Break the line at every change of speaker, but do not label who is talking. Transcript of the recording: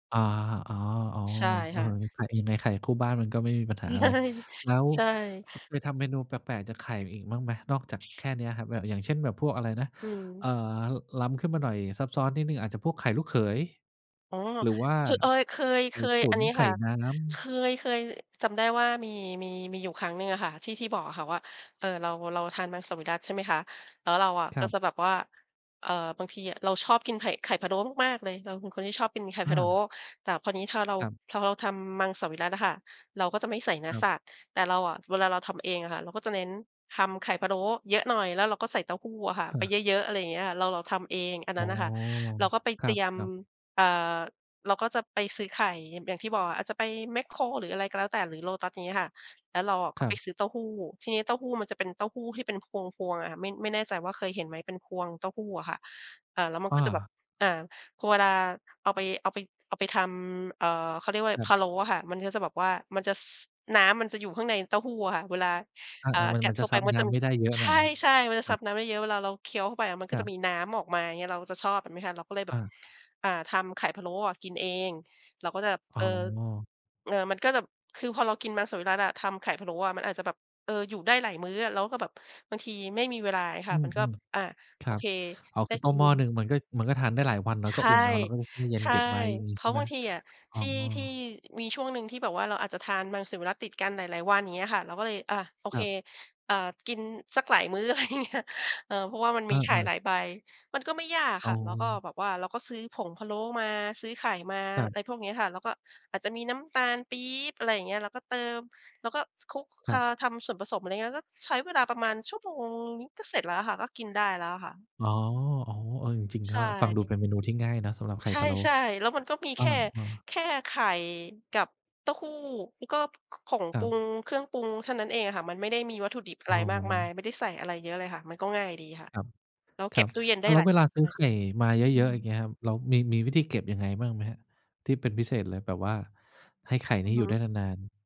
อา อ๋อ
ใช่
ๆ เอ
ค
อ
่ะ
อันนี้ขายเองไง ไข่คู่บ้านมันก็ไม่มีปัญ
ใช
ห
่
าอะไร แล้ว
ใช่
อ เคยทำเมนูแปลก ๆ จากไข่อีกบ้างไหม นอกจากแค่เนี้ยครับ แบบ อย่างเช่นแบบพวกอะไรนะ
อืม
เอ่อ ล้ำขึ้นมาหน่อย ซับซ้อนนิดหนึ่ง อาจจะพวกไข่ลูกเขย
อ๋อ
หรือว่า
คือเอย เคย
ไข
เค
่
ย
ตุ๋
อั
น
นนี้
ไข
ค
่
่ะ
น้ำ
เคย เคยจำได้ว่ามี มี มีอยู่ครั้งหนึ่งอะค่ะ ที่ ที่บอกอะค่ะว่า เอ่อ เรา เราทานมังสวิรัติ ใช่ไหมคะ แล้วเราอะ
ค
ก
ร
็
ับ
จะแบบว่า เอ่อ บางทีอะเราชอบกินไข่ ไข่พะโล้มาก ๆ เลย เราเป็นคนที่ชอบกินไข่
อ
พะโล้
า
แต่พอนี้ถ้าเรา
ครับ
พอเราทำมังสวิรัติอะค่ะ เราก็จะไม่ใส่เนื้อ
คร
สั
ับ
ตว์ แต่เราอะ เวลาเราทำเองอะค่ะ เราก็จะเน้นทำไข่พะโล้เยอะหน่อย แล้วเราก็ใส่เต้าหู้อะค่ะไป
เออ
เยอะ ๆ อะไรเงี้ย เรา เราทำเอง อัน
อ
น
๋
ั
อ
้นน่ะค่ะ เราก็ไป
ค
เ
ร
ตรียม
ับ ๆ
อ่า เราก็จะไปซื้อไข่ อย่าง อย่างที่บอก อาจจะไปแม็คโคร หรืออะไรก็แล้วแต่ หรือโลตัส อย่างงี้ค่ะ แล้วเราอะก
ค
็
รั
ไป
บ
ซื้อเต้าหู้ ทีนี้เต้าหู้มันจะเป็นเต้าหู้ที่เป็นพวง ๆ อะค่ะ ไม่ ไม่แน่ใจว่าเคยเห็นไหม เป็นพวงเต้าหู้อะค่ะ อ่า แล้วมัน
อ
ก็จะแบบ
า
อา พอเวลาเอาไป เอาไป เอาไปทำ อ่า เขาเรียกว่าไ
ค
ร
รั
พ
บ
ะโล้อะค่ะ มันก็จะแบบว่า มันจะ ซ น้ำมันจะอยู่ข้างในเต้าหู้อะค่ะ เวลา
อา
อ่า
ๆ มัน
กั
ม
ด
ัน
เ
จ
ข้
ะ
าไ
ซ
ป
ับ
มัน
น้
จะ
ำมาได้เยอะ
ใ
หน่อย
ช่ ๆ มันจะ
ค
ซ
รั
ั
บ
บน้ำเยอะ ๆ เวลาเราเคี้ยวเข้าไปอะมันก
ค
็
ร
จ
ั
ะ
บ
มีน้ำออกมา อย่างเงี้ย เราจะชอบแบบนี้ค่ะ เราก็เลยแบ
อ
บ
า
อ่า ทำไข่พะโล้อะกินเอง เราก็แบบ
อ
เ
๋
ออ
อ
เออ มันก็แบบ คือพอเรากินมังสวิรัติอะ ทำไข่พะโล้อะ มันอาจจะแบบ เออ อยู่ได้หลายมื้ออะ แล้วก็แบบบางทีไม่มีเวลาไงค
อื
ะ มันก็
ม
อา
ๆ ค
โ
ร
อ
ับ
เค
อ๋อ
ได
ค
้
ือต
ก
้
ิ
มห
น
ม้อหนึ่งมันก็ มันก็ทานได้หลายวันเนา
ใ
ะ
ช
ก็
่
อุ่นเอา แล้วก็ใส่ตู้เย็น
ใช่
เก็บไว้ อย่างงี้
เพร
ใช
า
่
ะ
ไห
บ
ม?
างทีอะ
อ๋
ท
อ
ี่ ที่ มีช่วงหนึ่งที่แบบว่าเราอาจจะทานมังสวิรัติดกันหลาย ๆ วัน เงี้ยค่ะ เราก็เลย อา โอ
ค
เ
ร
ค
ับ
อ่า กินสักหลายมื้อ อะไรเงี้ย เออ เพราะว่ามันม
อ
ีไข่
า
หลาย
ๆ
ใบ มันก็ไม่ยาก
อ
ค
๋
่
อ
ะ แล้วก็แบบว่าเราก็ซื้อผงพะโล้มา ซื้อไข่มา
ครับ
ไรพวกเนี้ยค่ะ แล้วก็อาจจะมีน้ำตาลปี๊บ อะไรอย่างเงี้ย แล้วก็เติม แล้วก็ ซ คลุก
ค
อ
รั
า
บ
ทำส่วนผสม อะไรเงี้ย ก็ใช้เวลาประมาณชั่วโมงนิด ก็เสร็จแล้วค่ะ ก็กินได้แล้วอะค่ะ
อ๋อ ๆ เออ จริง
ใ
ๆ
ช
ก็ฟังดู
่
เป็นเมนูที่ง่ายเนาะสำหรับไข่
ใช
พะโล้
่ ๆ แล้วมันก็มี
อ
แค
า
่
ๆ
แค่ไข่กับเต้าหู้ แล้วก็ ข ของ
ค
ป
ร
รุง
ับ
เครื่องปรุงเท่านั้นเองอะค่ะ มันไม่ได้มีวัตถุดิบอะ
อ๋
ไรมากมาย
อ
ไม่ได้ใส่อะไรเยอะเลยค่ะ มันก็ง่ายดีค่ะ
ครับ
แล้ว เ
ค
ก
ร
็
ั
บ
บ
ตู้เย็นไ
อ
ด
้
้
าว แล
ห
้
ล
ว
าย
เว
ว
ล
ั
า
น
ซ
ด
ื
้
้อ
วย
ไข่มาเย
อื
อะ ๆ อย่าง
อ
เงี้ยครับ เรามี มีวิธีเก็บยังไงบ้างไหมครับ? ที่เป็นพิเศษเลย แบบว่าให้ไข่
อื
นี้
อ
อ
ฮ
ยู่ไ
ึ
ด้นาน ๆ